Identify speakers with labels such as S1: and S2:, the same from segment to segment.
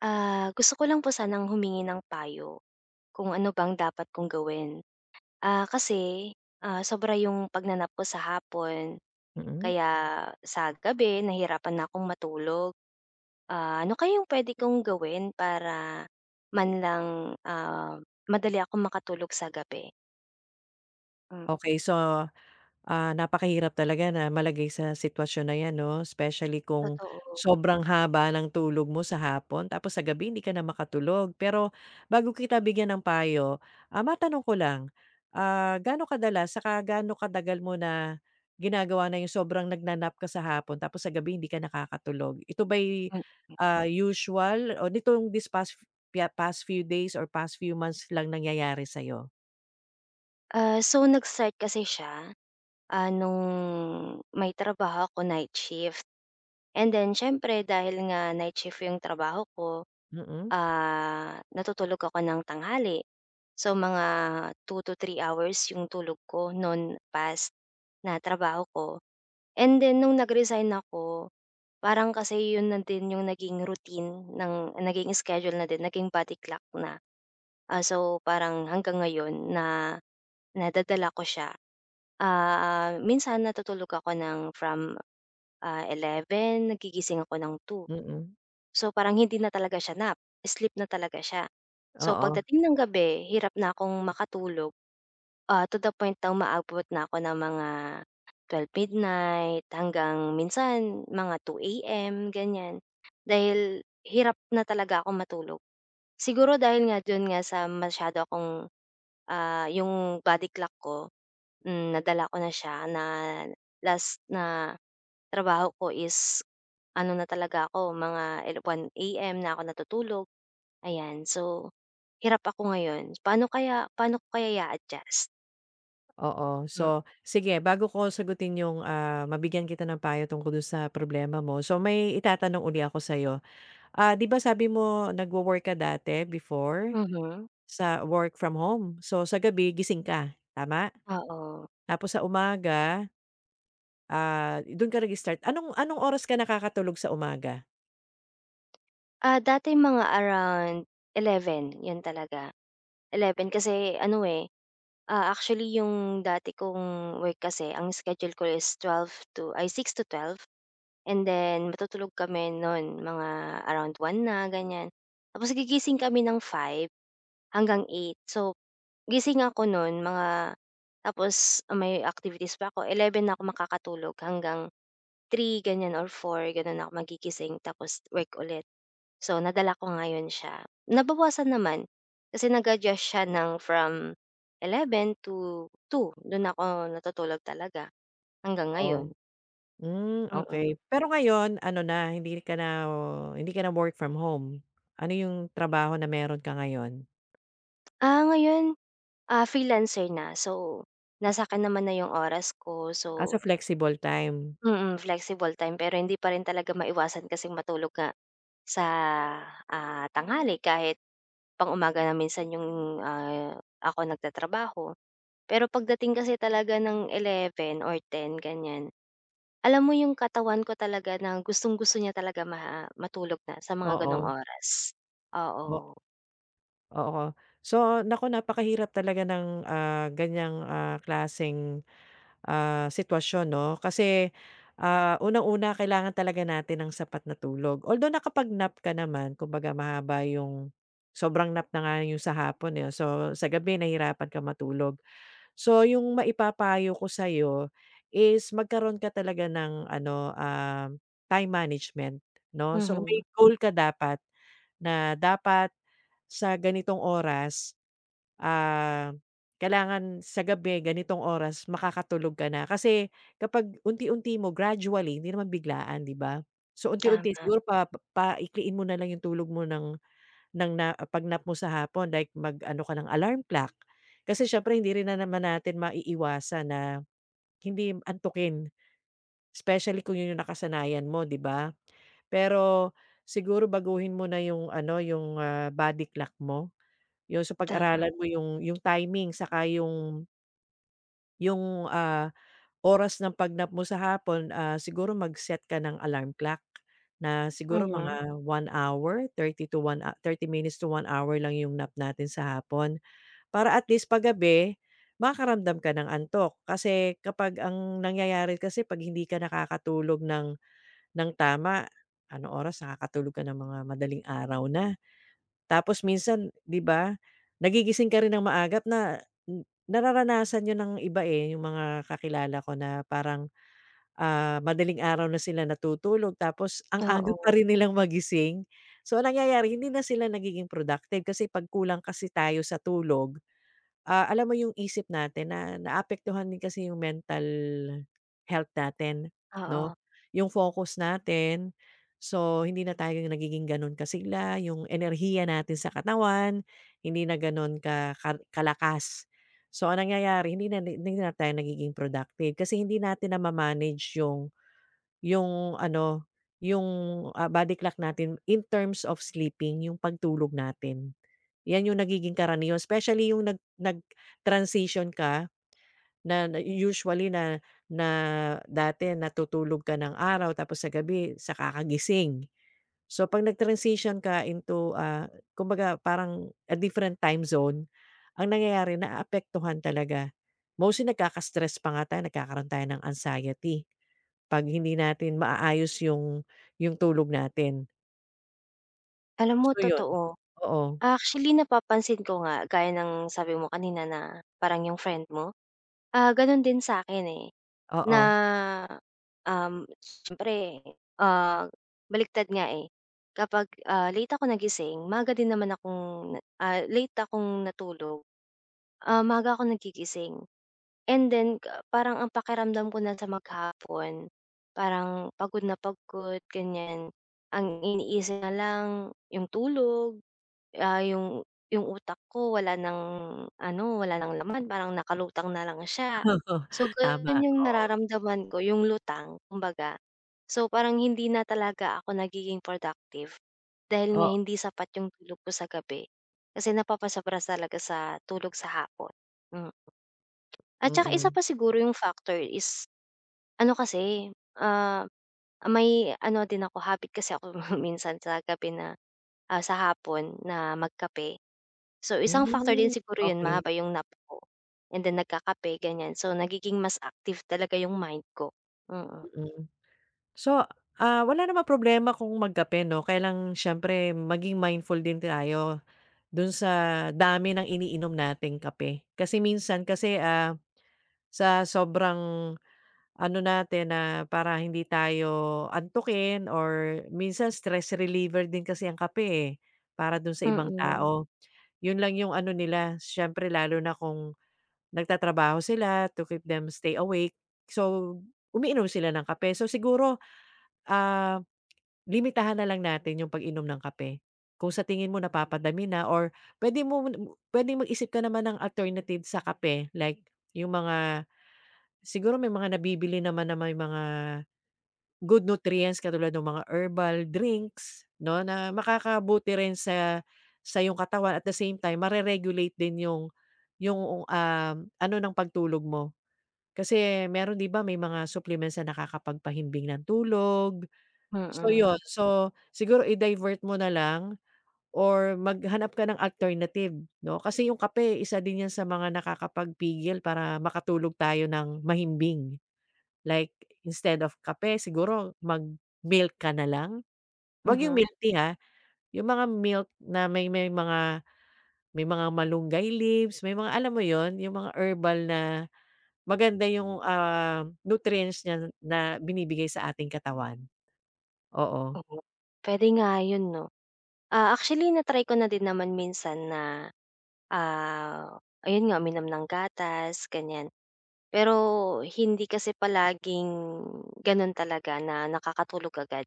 S1: Ah, gusto ko lang po sanang humingi ng payo. Kung ano bang dapat kong gawin, ah, kasi ah, sobra 'yong pagna-nap ko sa hapon,
S2: Mm.
S1: kaya sa gabi nahihirapan na akong matulog. Ah, ano kaya 'yong puwede kong gawin para manlang ah, madali akong makatulog sa gabi? Hmm.
S2: Okey so ah, napakahirap talaga na malagay sa sitwasyon na 'yan 'no? Specially kung
S1: Totoo.
S2: sobrang haba ng tulog mo sa hapon tapos sa gabi hindi ka na makatulog, pero bago kita bigyan ng payo, ah, matanong ko lang, ah, ga'no kadalas, saka ga'no katagal mo na ginagawa na 'yong sobrang nagna-nap ka sa hapon tapos sa gabi hindi ka nakakatulog? Ito ba'y
S1: Mm.
S2: ah, usual o nitong this past past few days or past few months lang nangyayari sa 'yo?
S1: Ah, so nag-start kasi siya, ah, no'ng, may trabaho ako night shift. And then siyempre dahil nga night shift 'yong trabaho ko,
S2: Mm.
S1: ah, natutulog ako ng tanghali. So mga 2 to 3 hours 'yong tulog ko no'n past, na trabaho ko, and then no'ng nag-resigned ako, parang kasi 'yon na din 'yong naging routine nang naging schedule na din naging body clock na. Ah, so, parang hanggang ngayon na, nadadala ko siya, ah, minsan natutulog ako ng from ah, 11:00 nagigising ako ng 2:00
S2: Mm.
S1: So parang hindi na talaga siya nap, sleep na talaga siya. So
S2: Oo.
S1: pagdating ng gabi, hirap na akong makatulog, ah, to the point na umaabot na ako ng mga 12:00 midnight hanggang minsan mga 2:00 AM ganyan. Dahil hirap na talaga akong matulog. Siguro dahil nga do'n nga sa masyado akong, ah, 'yong body clock ko hmm, nadala ko na siya na last na trabaho ko is, ano na talaga ako mga 1:00 AM na ako natutulog, ayan so, hirap ako ngayon, paano kaya paano ko kaya i-a-adjust?
S2: Oo.
S1: Hmm.
S2: So, sige bago ko sagutin yung, ah, mabigyan kita ng payo tungkol dun sa problema mo, so may itatanong uli ako sa'yo. Ah, 'di ba sabi mo nagwo-work ka dati, before,
S1: Mhm.
S2: sa work from home? So, sa gabi gising ka, tama?
S1: Oo.
S2: Tapos sa umaga Ah, i dun ka nag-start. Anong anong oras ka nakakatulog sa umaga?
S1: Ah, dati mga around 11, 'yon talaga. 11 kasi ano, eh, ah, actually yung dati kong work kasi ang schedule ko is 12 to ay, 6-12, and then matutulog kami no'n, mga around 1 na, ganiyan. Tapos gigising kami ng 5 hanggang 8. So, gising ako no'n mga tapos may activities pa ako, 11 na ako makakatulog hanggang 3, ganiyan or 4 gano'n ako magigising, tapos work ulit. So, nadala ko ngayon siya. Nabawasan naman kasi nag-adjust siya ng from 11 to 2, dun ako natutulog talaga, hanggang
S2: Oh.
S1: ngayon.
S2: Hmm,
S1: Mm.
S2: okey. Pero ngayon, ano na, hindi ka na hindi ka na work from home? Ano yung trabaho na meron ka ngayon?
S1: Ah, ngayon, ah, freelancer na so, nasa 'kin naman na 'yung oras ko,
S2: Ah, so
S1: so
S2: flexible time?
S1: Mm, flexible time pero hindi pa rin talaga maiwasan kasing matulog nga, sa, ah, tanghali kahit pang-umaga na minsan 'yong, ah, ako nag-tatrabaho. Pero pagdating kasi talaga ng 11 or 10 ganiyan, alam mo 'yong katawan ko talaga na gustong-gusto niya talaga ma matulog na sa mga gano'ng
S2: Oo.
S1: oras.
S2: O
S1: Oo.
S2: Oo. So naku, napakahirap talaga ng, ah, ganiyang, ah, klaseng, ah, sitwasyon, 'no, kasi, ah, unang-una kailangan talaga natin ng sapat na tulog, although nakapag-nap ka naman, kumbaga mahaba 'yung sobrang nap na nga 'yong sa hapon, eh, so sa gabi nahirapan ka matulog. So 'yung maipapayo ko sa'yo, is magkaroon ka talaga ng ano, um, time management 'no. So may
S1: Mhm.
S2: goal ka dapat na dapat sa ganitong oras, ah, kailangan sa gabi ganitong oras makakatulog ka na, kasi kapag unti-unti mo, gradually, hindi naman biglaan 'di ba, so unti-unti
S1: Tama.
S2: siguro pa paikliin mo na lang 'yong tulog mo ng ng na pag-nap mo sa hapon like mag-ano ka ng alarm clock, kasi siyempre hindi rin na naman natin maiiwasan na, hindi antukin. Specially kung 'yon 'yong nakasanayan mo, 'di ba? Pero, siguro baguhin mo na 'yung ano, 'yung, ah, body clock mo, 'yun, so
S1: Tama.
S2: pag-aralan mo 'yung 'yung timing, saka 'yung Yung, ah, oras ng pag-nap mo sa hapon, ah, siguro mag-set ka ng alarm clock na siguro
S1: Mhm.
S2: mga 1 hour, 30 to 30 minutes to 1 hour lang 'yong nap natin sa hapon para at least pag gabi makakaramdam ka ng antok kasi kapag ang nangyayari kasi 'pag hindi ka nakakatulog ng ng tama anong oras nakakatulog ka ng mga madaling araw na. Tapos minsan di ba nagigising ka rin ng maaga na nararanasan yun ng iba, eh, yung mga kakilala ko na parang, ah, madaling araw na sila natutulog tapos ang aga pa
S1: Oo.
S2: rin nilang magising so ang nangyayari hindi na sila nagiging productive kasi pag kulang kasi tayo sa tulog, ah, alam mo yung isip natin na naapektuhan din kasi yung mental health natin no,
S1: Oo.
S2: yung focus natin. So hindi na tayo nagiging ganun kasigla yung enerhiya natin sa katawan hindi na ganun ka ka kalakas so ang nangyayari hindi na, hindi na tayo nagiging productive kasi hindi natin na ma manage yung yung ano yung, ah, body clock natin in terms of sleeping yung pagtulog natin yan yung nagiging karaniwan specially yung nag nag transition ka na na usually na na dati natutulog ka ng araw tapos sa gabi saka ka gising so pag nag-transition ka into, ah, kumbaga parang a different time zone ang nangyayari naaapektuhan talaga mostly nagkaka stress pa nga tayo nagkakaroon tayo ng anxiety pag hindi natin maayos yung yung tulog natin.
S1: Alam mo
S2: So 'yon.
S1: totoo.
S2: Oo.
S1: Actually napapansin ko nga, gaya ng sabi mo kanina, na parang 'yong friend mo. Ah, gano'n din sa 'kin, eh, na,
S2: Oo.
S1: um, siyempre, ah, baliktad nga, eh. Kapag, ah, late ako nagising maaga din naman akong na, ah, late akong natulog, ah, maaga akong nagigising. And then ga parang ang pakiramdam ko na sa maghapon, parang pagod na pagod, ganiyan. Ang iniisip nalang 'yong tulog, ah, 'yong 'yong utak ko wala nang, ano, wala ng laman parang nakalutang na lang siya.
S2: Oo,
S1: So
S2: tama,
S1: gano'n 'yong
S2: oo.
S1: nararamdaman ko 'yong lutang kumbaga. So parang hindi na talaga ako nagiging productive dahil nga
S2: O
S1: hindi sapat 'yong tulog ko sa gabi, kasi napapasobra talaga sa tulog sa hapon, mm. At saka isa
S2: Mm.
S1: pa siguro 'yong factor is, ano kasi, ah, ah, may ano din ako habit kasi ako minsan sa gabi na, ah, sa hapon na magkape. So isang factor
S2: Hmm,
S1: din siguro 'yon,
S2: okey.
S1: mahaba 'yong nap ko, and then nagkakape, ganiyan. So nagiging mas active talaga 'yong mind ko, mm.
S2: Mm. So, ah, wala namang problema kung magkape, 'no. Kaya lang siyempre maging mindful din tayo do'n sa dami ng iniinom nating kape. Kasi minsan kasi, ah, sa sobrang ano natin na para hindi tayo antukin or minsan stress reliever din kasi ang kape, eh, para do'n sa ibang
S1: Mm.
S2: tao. 'Yon lang 'yong ano nila, siyempre lalo na kung nagtatrabaho sila to keep them stay awake. So umiinom sila ng kape. So siguro, ah, limitahan na lang natin 'yong pag-inom ng kape. Kung sa tingin mo napapadami na or pwede mo na m pwedeng mag-isip ka naman ng alternative sa kape like 'yong mga, siguro may mga nabibili naman na may mga good nutrients katulad no'ng mga herbal drinks, 'no, na makakabuti rin sa sa iyong katawan, at the same time, mare-regulate din 'yong 'yong, um, ano ng pagtulog mo. Kasi mayro'n, 'di ba, may mga supplements na nakakapagpahimbing ng tulog. So 'yon.
S1: Mm.
S2: So siguro i-divert mo na lang or maghanap ka ng alternative, 'no. Kasi 'yong kape isa din 'yan sa mga nakakapagpigil para makatulog tayo ng mahimbing. Like instead of kape, siguro mag milk ka nalang? Huwag 'yong
S1: Mhm.
S2: milk tea, ha. 'Yong mga milk na may may mga may mga malunggay leaves, may mga alam mo 'yon, 'yong mga herbal na maganda 'yong, ah, nutrients niya n na binibigay sa ating katawan. Oo.
S1: Oo, puwede nga 'yon, 'no. Ah, actually na-try ko na din naman minsan na, ah, ayun nga, uminom ng gatas, ganiyan. Pero hindi kasi palaging gano'n talaga na nakakatulog agad.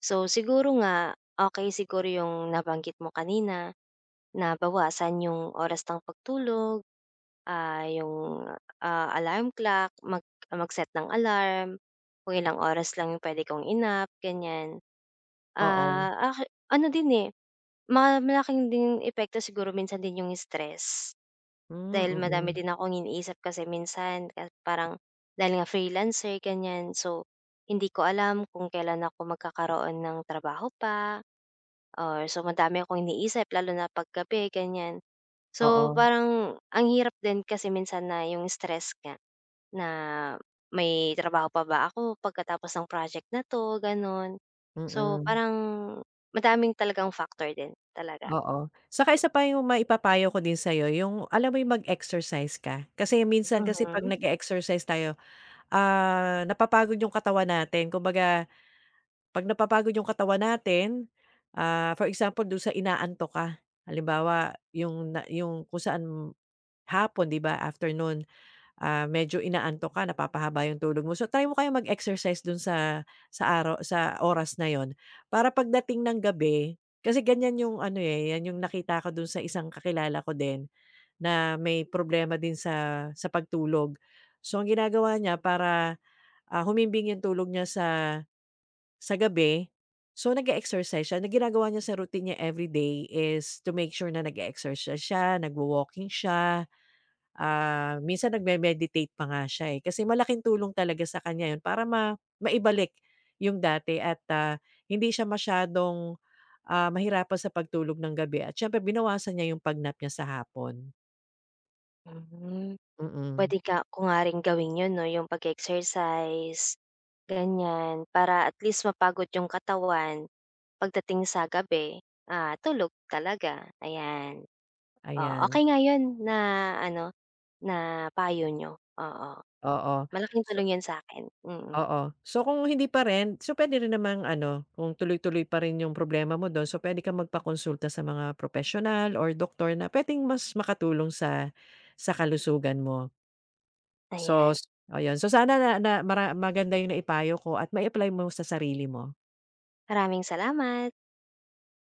S1: So siguro nga, okey siguro 'yong nabanggit mo kanina na bawasan 'yong oras ng pagtulog, ah, 'yong, ah, alarm clock, mag mag-set ng alarm kung ilang oras lang 'yong puwede kong i-nap, ganiyan.
S2: Oo.
S1: Ah, aki ano din, eh, ma malaking din epekto siguro minsan din 'yong stress dahil
S2: Hmm,
S1: madami
S2: mm.
S1: din akong iniisip kasi minsan ka parang dahil nga freelancer, ganiyan. So hindi ko alam kung kailan ako magkakaroon ng trabaho pa or so madami akong iniisip lalo na 'pag gabi, ganiyan. So
S2: Oo.
S1: parang ang hirap din kasi minsan na 'yong stress nga na may trabaho pa ba ako pagkatapos ng project na 'to, gano'n. So
S2: Mm.
S1: parang madaming talagang factor din talaga.
S2: Oo. Saka isa pa 'yong maipapayo ko din sa 'yo 'yong alam mo 'yong mag-exercise ka. Kasi minsan kasi 'pag
S1: Mhm.
S2: nage-exercise tayo, ah, napapagod 'yong katawan natin. Kumbaga 'pag napapagod 'yong katawan natin, ah, for example, do'n sa inaantok ka. Halimbawa, 'yong na 'yong kung saan m hapon, 'di ba, afternoon, ah, medyo inaantok ka napapahaba 'yong tulog mo. So try mo kayang mag-exercise do'n sa sa araw sa oras na 'yon para pagdating ng gabi kasi ganiyan 'yong ano, eh, 'yan 'yong nakita ko do'n sa isang kakilala ko din na may problema din sa sa pagtulog. So ang ginagawa niya para, ah, humimbing 'yong tulog niya sa sa gabi, so nag-e-exercise siya, na ginagawa niya sa routine niya every day is to make sure na nag-exercise siya, nagwa-walking siya, ah, minsan nagme-meditate pa nga siya, eh. Kasi malaking tulong talaga sa kaniya 'yon para ma maibalik 'yong dati at, ah, hindi siya masyadong, ah, mahirapan sa pagtulog ng gabi at siyempre binawasan niya 'yong pag-nap niya sa hapon.
S1: Mhm.
S2: Mm.
S1: Puwede ka ko nga rin gawin 'yon, 'no, 'yong pag-e-exercise, ganiyan. Para at least mapagod 'yong katawan pagdating sa gabi, ah, tulog talaga, ayan. Oh,
S2: Ayan.
S1: okey nga 'yon na, ano, na payo n'yo, oo.
S2: Oo,
S1: Malaking
S2: so
S1: tulong 'yon sa akin, mm.
S2: Oo. So kung hindi pa rin so puwede rin namang, ano, kung tuloy-tuloy pa rin 'yong problema mo do'n, so puwede kang magpakonsulta sa mga propesyonal or doctor na puwedeng mas makatulong sa sa kalusugan mo. So
S1: Ayan.
S2: s ayun. So sana na na mara maganda 'yong naipayo ko at mai-apply mo sa sarili mo.
S1: Maraming salamat!